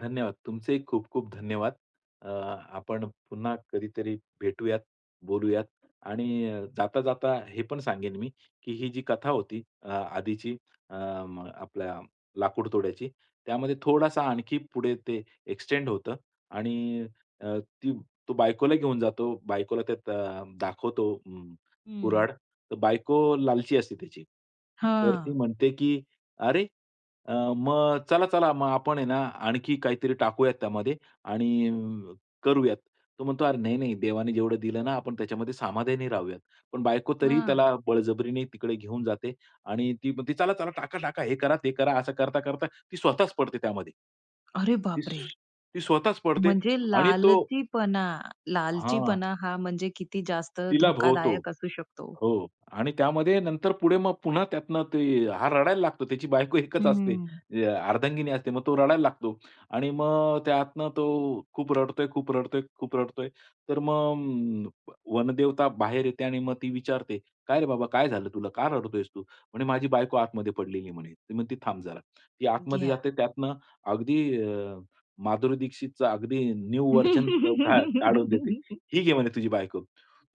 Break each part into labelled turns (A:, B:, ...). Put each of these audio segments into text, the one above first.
A: धन्यवाद. तुमचेही खूप खूप धन्यवाद. अ, आपण पुन्हा कधीतरी भेटूयात, बोलूयात. आणि जाता-जाता हे पण सांगेल मी, की ही जी कथा होती अ आधीची अम, आपल्या लाकूडतोड्याची, त्यामध्ये थोडासा आणखी पुढे ते एक्सटेंड होतं आणि अ, ती तो बायकोला घेऊन जातो. बायकोला त्यात अ, दाखवतो अम,
B: हं.
A: कुऱ्हाड. तर बायको लालची असते त्याची. तर ती
B: हां.
A: म्हणते, की "अरे! मग चला-चला मग आपण आहे ना आणखी काहीतरी टाकूयात त्यामध्ये आणि करूयात". तो म्हणतो "अरे नाही, नाही देवाने जेवढं दिलं ना आपण त्याच्यामध्ये समाधानी राहूयात." पण बायको तरीही
B: हां.
A: त्याला बळजबरीने तिकडे घेऊन जाते. आणि ती म्हणते "चला-चला, टाका-टाका हे करा, ते करा". असं करता-करता ती स्वतःच पडते त्यामध्ये.
B: अरे बापरे!
A: ती स्वतःच पडते
B: म्हणजे
A: आणि तो
B: लालचीपणा.
A: हां.
B: लालचीपणा हा म्हणजे किती जास्त
A: तिला भोवतो.
B: धोकादायक असू शकतो.
A: हो, आणि त्यामध्ये नंतर पुढे मग पुन्हा त्यातनं ते हा रडायला लागतो. त्याची बायको एकच असते.
B: हं.
A: अर्धांगिनी असते. मग तो रडायला लागतो. आणि मग त्यातनं तो खूप रडतोय, खूप रडतोय, खूप रडतोय. तर मग अ, वनदेवता बाहेर येते आणि मग ती विचारते. "काय रे बाबा, काय झालं तुला? का रडतोयस तू?" म्हणे "माझी बायको आतमध्ये पडलेली आहे." म्हणे. ती म्हणते "थांब जरा". ती आतमध्ये
B: घ्या.
A: जाते त्यातनं अगदी अ, माधुरी दीक्षितचा अगदी न्यू व्हर्जन काय, काढून देते. "ही घे म्हणे तुझी बायको".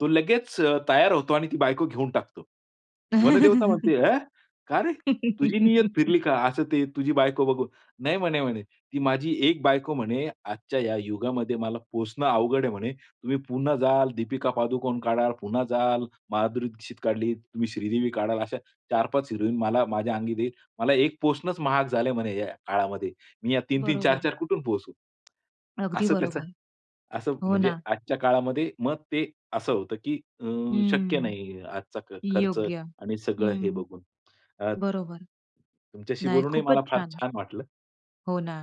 A: तो लगेच अ, तयार होतो आणि ती बायको घेऊन टाकतो. वनदेवता म्हणते "अँ! का रे? तुझी नियत फिरली का?" असं ते, "तुझी बायको बघून". नाही म्हणे, म्हणे. "ती माझी एक बायको म्हणे आजच्या या युगामध्ये मला पोसणं अवघड आहे म्हणे. तुम्ही पुन्हा जाल, दीपिका पादुकोण काढाल. पुन्हा जाल, माधुरी दीक्षित काढली. तुम्ही श्रीदेवी काढाल अशा 4-5 हिरोईन मला माझ्या अंगी देईल, मला एक पोसणंच महाग झालंय म्हणे या काळामध्ये, मी या 3-3,
B: बरोबर.
A: 4-4 कुठून पोसु?"
B: अगदी
A: असं त्याचं,
B: बरोबर.
A: असं
B: हो
A: म्हणजे,
B: ना.
A: आजच्या काळामध्ये, मग ते असं होतं, की अ, शक्य
B: हं.
A: नाही. आजचा खर्च
B: योग्य.
A: आणि सगळं हे
B: हं.
A: बघून. अ
B: बरोबर.
A: तुमच्याशी
B: नाही,
A: बोलूनही
B: खूपच
A: मला फार
B: छान!
A: छान वाटलं.
B: हो ना.